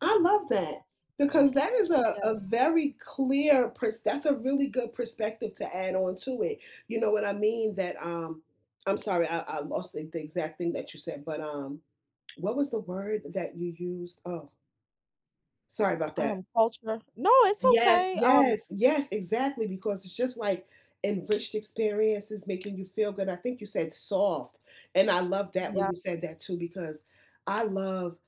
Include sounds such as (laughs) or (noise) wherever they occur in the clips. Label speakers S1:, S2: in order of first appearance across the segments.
S1: I love that because that is a
S2: Yeah.
S1: a very clear pers that's a really good perspective to add on to it, you know what I mean, that, um I'm sorry, I I lost the the exact thing that you said, but, um, what was the word that you used? Oh sorry about that.
S2: Um, culture No, it's
S1: Yes,
S2: okay, um
S1: yes, yes, exactly, because it's just like enriched experiences making you feel good, I think you said soft, and I love that when
S2: Yeah.
S1: you said that too because I love,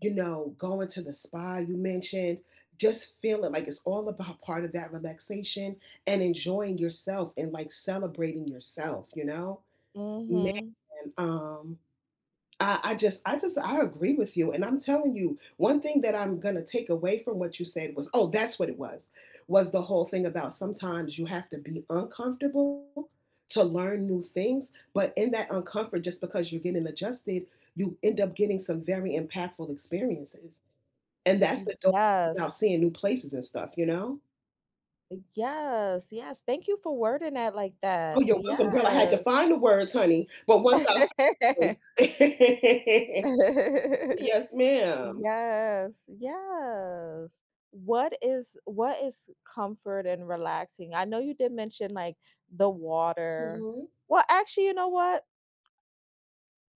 S1: you know, going to the spa, you mentioned, just feeling like it's all about part of that relaxation and enjoying yourself and, like, celebrating yourself, you know. Man,
S2: Mhm.
S1: um, I I just I just I agree with you, and I'm telling you, 1 thing that I'm gonna take away from what you said was oh, that's what it was- was the whole thing about sometimes you have to be uncomfortable to learn new things, but in that uncomfort, just because you're getting adjusted, you end up getting some very impactful experiences. And that's
S2: Mm,
S1: the dope about
S2: yes.
S1: seeing new places and stuff, you know?
S2: Yes, yes, thank you for wording that like
S1: Oh,
S2: that,
S1: you're welcome, girl, I had
S2: yeah.
S1: to find the words, honey, but once I found
S2: (laughs)
S1: them. (laughs)
S2: (laughs)
S1: Yes, ma'am.
S2: Yes, yes. What is what is comfort and relaxing, I know you did mention, like, the water
S1: Mhm.
S2: Well, actually, you know what?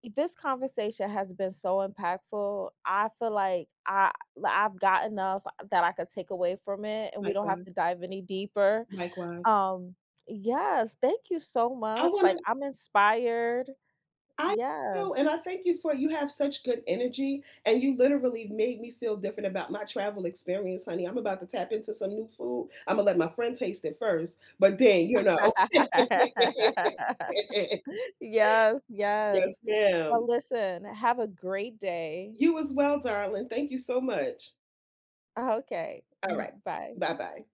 S2: this conversation has been so impactful, I feel like I l I've got enough that I could take away from it and we don't have
S1: Likewise.
S2: to dive any deeper,
S1: Likewise.
S2: um, yes, thank you so
S1: I
S2: much, like
S1: wanna
S2: I'm inspired.
S1: I feel, and
S2: Yes.
S1: I thank you for you have such good energy, and you literally made me feel different about my travel experience, honey, I'm about to tap into some new food, I'm gonna let my friend taste it first, but then, you know.
S2: (laughs)
S1: (laughs)
S2: Yes,
S1: Yes,
S2: yes. Well,
S1: ma'am.
S2: listen, have a great day.
S1: You as well, darling, thank you so much.
S2: Okay,
S1: All right,
S2: mhm, bye.
S1: bye-bye.